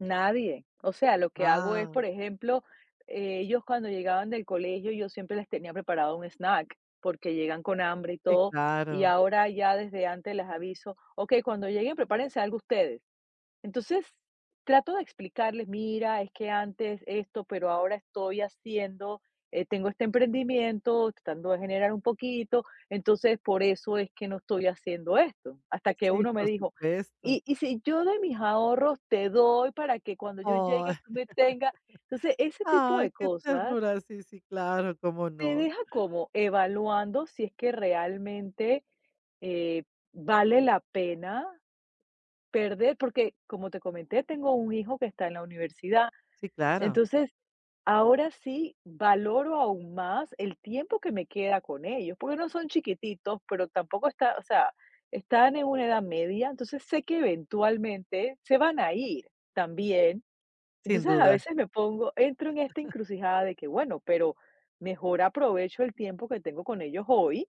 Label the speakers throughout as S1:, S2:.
S1: Nadie. O sea, lo que hago es, por
S2: Guau.
S1: ejemplo, ellos cuando llegaban del colegio yo siempre les tenía preparado un snack porque llegan con hambre y
S2: Sí,
S1: todo, y
S2: claro.
S1: ahora ya desde antes les aviso: "Okey, cuando lleguen prepárense algo ustedes". Entonces, trato de explicarles, mira, es que antes esto, pero ahora estoy haciendo, eh, tengo este emprendimiento tratando de generar un poquito, entonces por eso es que no estoy haciendo esto. Hasta que
S2: Sí,
S1: uno me
S2: por
S1: dijo:
S2: supuesto.
S1: "¿Y y si yo de mis ahorros te doy para que cuando yo
S2: ¡Ay!
S1: llegue tú me tengas?". Entonces, ese tipo de
S2: Ay, qué
S1: cosas.
S2: ternura. Sí, sí, claro, cómo
S1: Te
S2: no.
S1: deja como evaluando si es que realmente, eh, vale la pena perder, porque, como te comenté, tengo un hijo que está en la universidad.
S2: Sí, claro.
S1: Entonces, ahora sí valoro aún más el tiempo que me queda con ellos, porque no son chiquititos, pero tampoco ta o sea, están en una edad media, entonces sé que eventualmente se van a ir también.
S2: Sin
S1: Entonces, a
S2: duda.
S1: veces me pongo entro en esta encrucijada de que: "Bueno, pero mejor aprovecho el tiempo que tengo con ellos hoy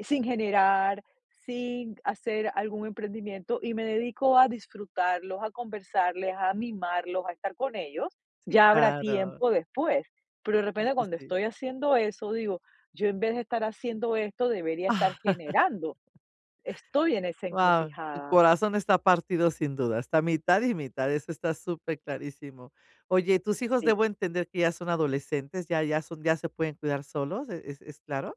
S1: sin generar, sin hacer algún emprendimiento y me dedico a disfrutarlos, a conversarles, a mimarlos, a estar con ellos.
S2: Sí,
S1: Ya habrá
S2: claro.
S1: tiempo después". Pero, de
S2: Sí,
S1: repente,
S2: sí,
S1: cuando
S2: sí.
S1: estoy haciendo eso digo: "Yo, en vez de estar haciendo esto, debería estar generando". Estoy en esa
S2: Guau, tu
S1: encrucijada.
S2: corazón está partido sin duda, está mitad y mitad, eso está super clarísimo. Oye, ¿tus hijos
S1: Sí.
S2: debo entender que ya son adolescentes, ya ya son ya se pueden cuidar solos, es es es claro?